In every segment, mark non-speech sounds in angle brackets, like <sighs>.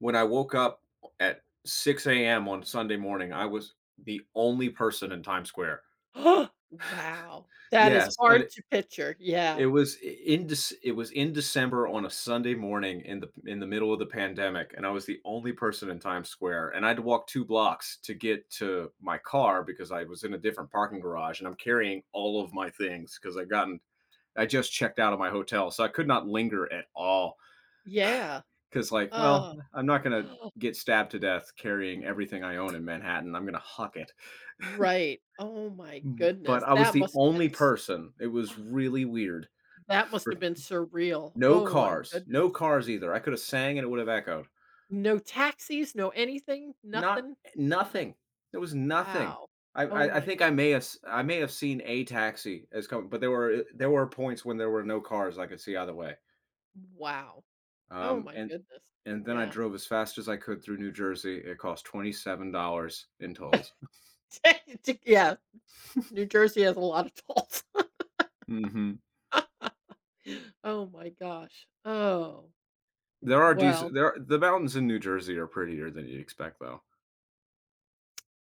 When I woke up o at 6:00 AM on Sunday morning, I was the only person in Times Square. <laughs> <gasps> Wow, that is Yes, and hard it to picture, yeah. it was i in Dec it was in December on a Sunday morning in the p in the middle of the pandemic, and I was the only person in Times Square. And I had to walk 2 blocks to get to my car because I was in a different parking garage, and I'm carrying all of my things 'cause I've gotten I just checked out of my hotel, so I could not linger at all. Yeah. <sighs> 'Cause like, well, Ugh. I'm not gonna <gasps> get stabbed to death carrying everything I own in Manhattan, I'm gonna hock it. Right, oh my <chuckles> M But goodness, I was that the must have only been s person, it was <gasps> really weird That must for have been surreal. No Oh my cars goodness. no cars either. I coulda sang and it would have echoed. No taxis, no anything, Not nothing. eh, <gasps> nothing. There was nothing. Wow. I Oh I I my think I good may have s I may have seen a taxi is coming, but there were there were points when there were no cars I could see either way. Wow. Oh Um, my and goodness. and then I Yeah. drove as fast as I could through New Jersey. It cost $27 in tolls. <chuckles> <laughs> Ta t yeah. New <chuckles> Jersey has a lotta tolls. <laughs> Mhm. Oh my gosh. Oh. There are Well decent there are the mountains in New Jersey are prettier than you expect, though.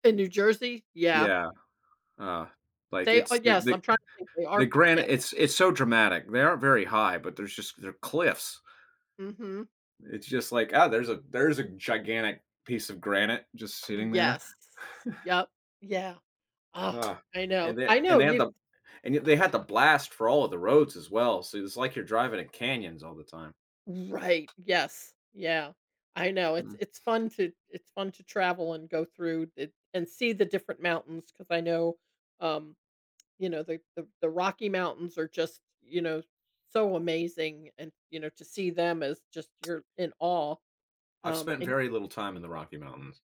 In New Jersey? Yeah. Yeah. Uh, like, They uh, it's the yes, I'm the trying to think they are the p yeah. granite, it's it's so dramatic. They aren't very high, but there's just they're cliffs. Mhm. It's just like, "Oh, there's a there's a gigantic piece of granite just sitting there." Yes. <chuckles> Yep, yeah. Oh, Ah, I know. and they I and know they had you the and y they had the blast for all of the roads as well, so it's like you're driving in canyons all the time. Right, yes, yeah. I know it's Mm. it's fun to it's fun to travel and go through it and see the different mountains, 'cause I know, um, you know, the the the Rocky Mountains are just, you know, so amazing, and, you know, to see them as just you're in awe. I've Um, spent and very little time in the Rocky Mountains.